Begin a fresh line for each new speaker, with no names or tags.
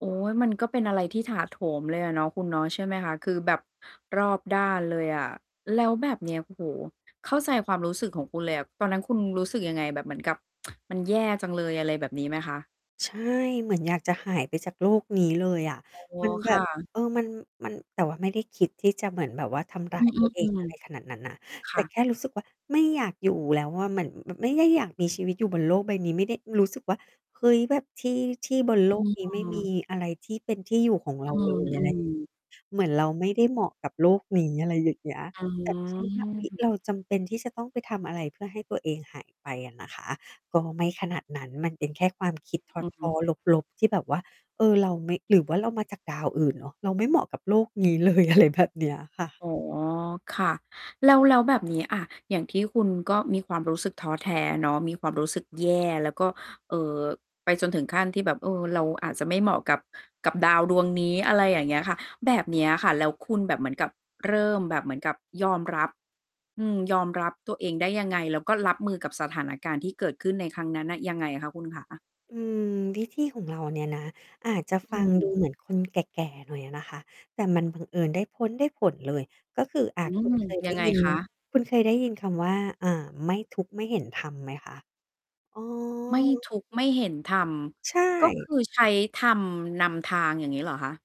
โอ๊ย มันก็เป็นอะไรที่ถาโถมเลยอะเนาะ คุณเนาะ ใช่ไหมคะ? คือแบบรอบด้านเลยอะ แล้วแบบ เนี้ย โอ้โฮ เข้าใจความรู้สึกของคุณเลยอะ ตอนนั้นคุณรู้สึกยังไง? แบบเหมือนกับ มันแย่จังเลย อะไรแบบนี้ไหมคะ?
ใช่ เหมือนอยากจะหายไปจากโลกนี้เลยอะ
อ๋อ
มันแ
ค
บ
่
บ
ะ
เออ มัน มัน แต่ว่าไม่ได้คิดที่จะเหมือนแบบว่า ทำร้
อ
า
ื
ยตัวเอง
อ
อะไรข
ๆ
นาดนั้นนะ
ๆ ค
แต
่
่แ
ะ
ค่รู้สึกว่า ไม่อยากอยู่แล้วอะ เหมือน มันไม่ได้อยากมีชีวิตอยู่ บนโลกใบนี้ ไม่ได้รู้สึกว่า เฮ้ย แบบที่ ที่บน โล
อ
ก
ื
นี้ไม่มี
ม
อะไรที่เป็นที่อยู่ของเร
อ
า
ื
เล
ม
ย อ
อ
ะ
ื
ไร
ม
เหมือนเราไม่ได้เหมาะกับโลกนี้ อะไรอย่างเงี้ย
อื
แต่ไม่ใช่ว่า เฮ้ย
ม
เราจำเป็นที่จะต้องไปทำอะไรเพื่อให้ตัวเองหายไปอะนะคะ ก็ไม่ขนาดนั้น มันเป็นแค่ ความคิ
อ
ด
ือ
ท
อือฮึ
้อ ๆ ลบ ๆ ที่แบบว่า เออ เราไม่ หรือว่าเรามาจากดาวอื่นเนาะ เราไม่เหมาะกับโลกนี้ เลย อะไรแบบเนี้ย ค่ะ
อ๋อ ค่ะ แล้ว แล้วแบบนี้ อ่า อย่างที่คุณก็มีความรู้สึกท้อแท้เนาะ มีความรู้สึกแย่ แล้วก็ เอ่อ ไปจนถึงขั้นที่แบบ เออ เราอาจจะไม่เหมาะกับ กับดาวดวงนี้ อะไรอย่างเงี้ยค่ะ แบบเนี้ยค่ะ แล้วคุณแบบเหมือนกับ เริ่มแบบเหมือนกับยอมรับ อืม ยอมรับตัวเองได้ยังไง? แล้วก็รับมือกับสถานการณ์ที่เกิดขึ้นในครั้งนั้นน่ะ ยังไงอะคะ? คุณขา
อืม วิธีของเราเนี่ยนะ อาจจะ
อ
ฟ
ื
ังด
ม
ูเหมือนคนแก่ ๆ หน่อยอะนะคะ แต่มันบังเอิญได้ผ้ลได้ผลเลย ก็คือ อา
อื
คุณ
ม
เคย ไ
ย
ด
ั
้
งไง
ยิน
คะ?
คุณเคย ได้ยินคำว่า อา ไม่ทุกข์ไม่เห็นธรรมไหมคะ? อ๋อ
ไม่ทุกข์ไม่เห็นธรรม
ใช
ก็ค
่
ือใช้ธรรมนำทาง อย่างงี้เหรอคะ?